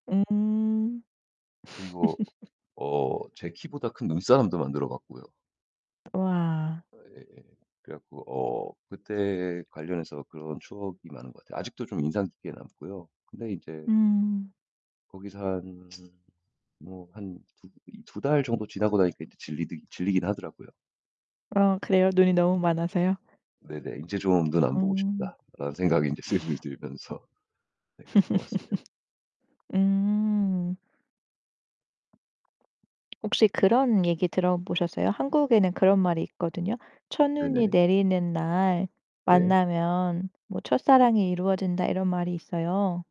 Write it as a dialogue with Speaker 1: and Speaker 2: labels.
Speaker 1: 음.
Speaker 2: 그리고 어 제 키보다 큰 눈사람도 만들어 봤고요.
Speaker 1: 우와.
Speaker 2: 아 예예. 그래 갖고 어 그때 관련해서 그런 추억이 많은 것 같아요. 아직도 좀 인상 깊게 남고요. 근데 이제
Speaker 1: 음.
Speaker 2: 거기서 한 뭐 한 두 이 2 달 정도 지나고 나니까 인제 질리디 질리긴 하더라고요.
Speaker 1: 아 그래요? 눈이 너무 많아서요?
Speaker 2: 네네. '인제 좀 눈 안 보고
Speaker 1: 음.
Speaker 2: 싶다.'라는 생각이 이제 슬슬 들면서 네 그랬던 것 같습니다.
Speaker 1: 음. 혹시 그런 얘기 들어 보셨어요? 한국에는 그런 말이 있거든요. "첫눈이
Speaker 2: 네네.
Speaker 1: 내리는 날
Speaker 2: 네.
Speaker 1: 만나면 뭐 첫사랑이 이루어진다." 이런 말이 있어요.